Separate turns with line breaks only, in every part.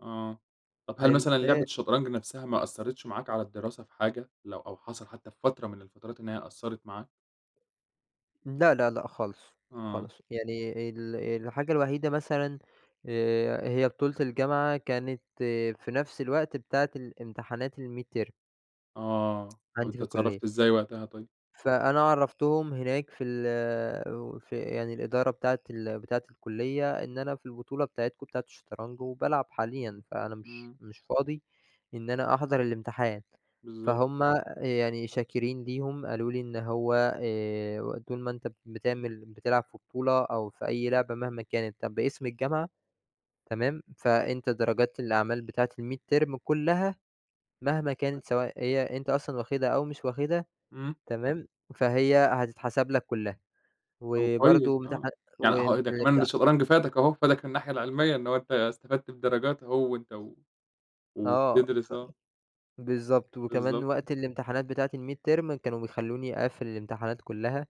آه، طَب هل
حلو
مثلًا لعبة
آآ
الشطرنج نَفسها ما أثرِتش معاك على الدراسة في حاجة، لو أو حصَل حتّى في فترة من الفترات إن هي قصّرت معاك؟
إمم، لا، لا، لأ، خالص،
آه.
خالص يعني ال الحاجة الوحيدة مثلًا آآ، هي بطولة الجامعة، كانت في نَفس الوقت بتاعة الامتحانات الميدترم.
آه، طَب
عَندي في
أنت
الكلية.
اتصرّفت إزاي وقتها طيب؟
فأنا عرّفتهم هناك في ال وفي يعني الإدارة بتاعة ال بتاعة الكُلّية إن أنا في البطولة بتاعتكم بتاعة الشطرنج وبالعب حاليًا، فأنا مش
إمم.
مش فاضي إن أنا أحضَر الامتحان،
بالضبط.
فهُم يعني شاكرين ليهم قالوا لي إن هو آآ، "وطول ما أنت بتعمل بتلعب في بطولة أو في أي لعبة مهما كانت طَب باسم الجامعة تمام فأنت درجات الأعمال بتاعة الميدترم كلّها، مهما كانت سواء هي أنت أصلًا واخدها أو مش واخدها.
إمم.
تمام؟ فهي هتتحسب لك كلّها،
أهو كويّس،
وبرضو
آه.
امتحان
يعني أهو إيه ده كمان
والامتا"
الشطرنج فادك أهو، فادك من الناحية العلمية إن هو أنت استفدت بدرجات أهو وأنت و
آه،
وبتدرِس،
ف
آه.
بالضبط، وكمان
بالضبط.
وقت الامتحانات بتاعة الميدترم كانوا بيخلّوني أقفّل الامتحانات كلّها.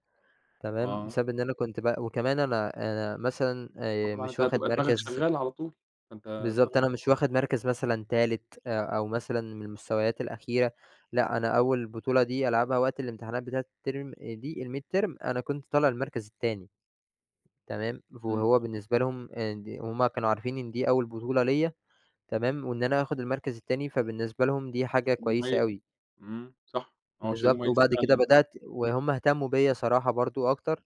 تمام؟
آه.
بسبب إن أنا كنت ب وكمان أنا أنا مثلًا آآ،
فطبعًا أنت
مش واخد
هتبقى دماغك
مَركَز
شغّالة على طول، فأنت
بالضبط،
دماغك
أنا مش
شغّالة علي [unintelligible]
واخد مَركَز مثلًا 3 آآ، أو مثلًا من المستويات الأخيرة، لأ، أنا أول بطولة دي ألعبها وقت الامتحانات بتاعة الترم دي الميدترم أنا كنت طالع المركز التاني تمام، ف
اهم.
وهو بالنسبة لهم هُم آآ، ند وهُم كانوا عارفين إن دي أول بطولة ليَّ. تمام؟ وإن أنا آخد المركز التاني، فبالنسبة لهم دي حاجة
كان
كويسة
مميز.
أوي.
إمم، صح هو شيء
بالضبط،
مميز
وبَعد كده
فعلًا، آه.
بدأت وهُم اهتمّوا بيَّ صراحة برضه أكتر،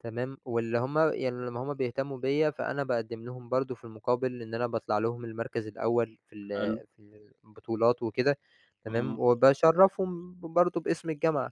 تمام، واللي هُم يعني لمّا هُم بيهتمّوا بيَّ فأنا باقدّم لهُم برضه في المقابل إن أنا باطلَع لهم المَركَز الأول في ال
حلو.
في ال البطولات وكده. تمام؟
آه.
وباشرّفهم ب برضه باسم الجامعة.